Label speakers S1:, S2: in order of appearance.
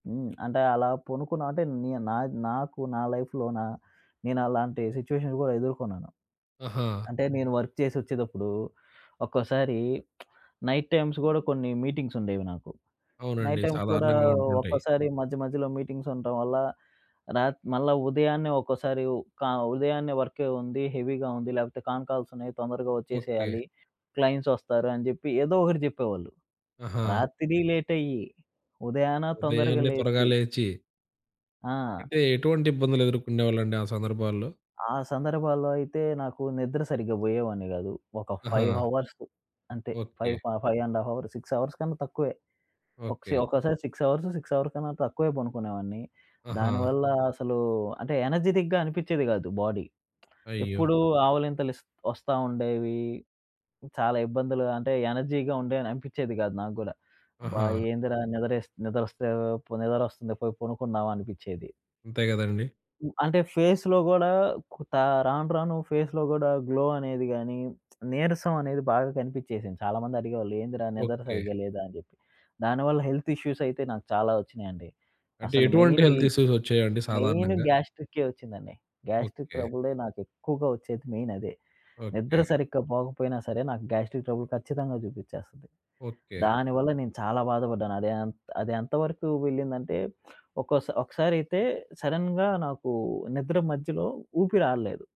S1: హ్మ్. అంటే అలా పొనుకున్నా అంటే, నీ నా, నాకు నా లైఫ్‌లోనా నేను అలాంటి సిచ్యువేషన్ కూడా ఎదుర్కొన్నాను.
S2: ఆహా!
S1: అంటే నేను వర్క్ చేసి ఒచ్చేదప్పుడు, ఒక్కోసారి నైట్ టైమ్స్ గూడా కొన్ని మీటింగ్స్ ఉండేవి నాకు. నైట్
S2: అవునండి.
S1: టైమ్స్ కూడా
S2: సాధారణంగా ఉంటుంటాయి.
S1: ఒక్కోసారి మధ్య మధ్యలో మీటింగ్స్ ఉండటం వల్ల రాత్ మళ్ళ ఉదయాన్నే ఒక్కోసారి క ఉదయాన్నే వర్క్ ఉంది, హెవీగా ఉంది లేకపోతే కాన్ కాల్స్ ఉన్నాయి తొందరగా
S2: ఓకే.
S1: ఒచ్చేసేయాలి. క్లయింట్స్ ఒస్తారు అని జెప్పి ఏదో ఒకటి జెప్పేవాళ్ళు.
S2: ఆహా!
S1: రాత్రి లేటయ్యి, ఉదయాన తొందరగా
S2: ఉదయాన్నే త్వరగా
S1: లేచి
S2: లేచి
S1: ఆ!
S2: అంటే ఎటువంటి ఇబ్బందులు ఎదుర్కొనేవాళ్ళండి, ఆ సందర్భాల్లో?
S1: ఆ సందర్భాల్లో అయితే నాకు నిద్ర సరిగ్గా బోయేవాన్ని గాదు. ఒక 5
S2: ఆహా!
S1: హవర్స్ అంతే.
S2: Okay.
S1: Five five and half hours, 6 hours కన్నా తక్కువే. ఒక సి
S2: ఓకే.
S1: ఒక్కోసారి 6 అవర్స్, 6 అవర్ కన్నా తక్కువే పనుకునేవాన్ని.
S2: ఆహా!
S1: దానివల్ల అసలు అంటే ఎనర్జిటిక్‌గా అనిపించేది గాదు బాడీ.
S2: అయ్యో!
S1: ఎప్పుడూ ఆవులింతలిస్ ఒస్తా ఉండేవి. చాలా ఇబ్బందులు అంటే ఎనర్జీగా ఉండేను అనిపిచ్చేది కాదు నాగ్గుడా. అబ్బా!
S2: ఆహా!
S1: ఏందిరా నిద్రేస్ నిద్ర ఒస్తే పోనీ నిద్రొస్తుంది పోయి పనుకుందాం అనిపిచ్చేది.
S2: అంతే గదండీ!
S1: అంటే ఫేస్‌లో గూడా త రాను రాను ఫేస్‌లో కూడా గ్లో అనేది గాని, నీరసం అనేది బాగా కనిపిచ్చేసింది. చాలా మంది అడిగేవాళ్ళు, "ఏందిరా నిద్ర
S2: ఓకే.
S1: సరిగ్గా లేదా" అని జెప్పి. దానివల్ల హెల్త్ ఇష్యూస్ అయితే నాకు చాలా ఒచ్చినాయండి.
S2: అంటే
S1: అసలు
S2: ఎటువంటి
S1: మెయిన్ ఈ
S2: హెల్త్ ఇష్యూస్ వచ్చాయండి
S1: మెయిన్
S2: సాధారణంగా?
S1: గ్యాస్ట్రికే ఒచ్చిందండి. Gastric
S2: okay.
S1: ట్రబులే నాకెక్కువగా వచ్చేది మెయిన్ అదే. నిద్ర
S2: ఓకే.
S1: సరిగ్గా పోకపోయినా సరే నాకు గ్యాస్ట్రిక్ ట్రబుల్ ఖచ్చితంగా చూపిచ్చేస్తది.
S2: ఓకే.
S1: దానివల్ల నేను చాలా బాధపడ్డాను. అది ఎన్ అది ఎంత వరకు వెళ్ళిందంటే, ఒకోసారి ఒకసారైతే సడెన్‌గా నాకు నిద్ర మధ్యలో ఊపిరాడలేదు.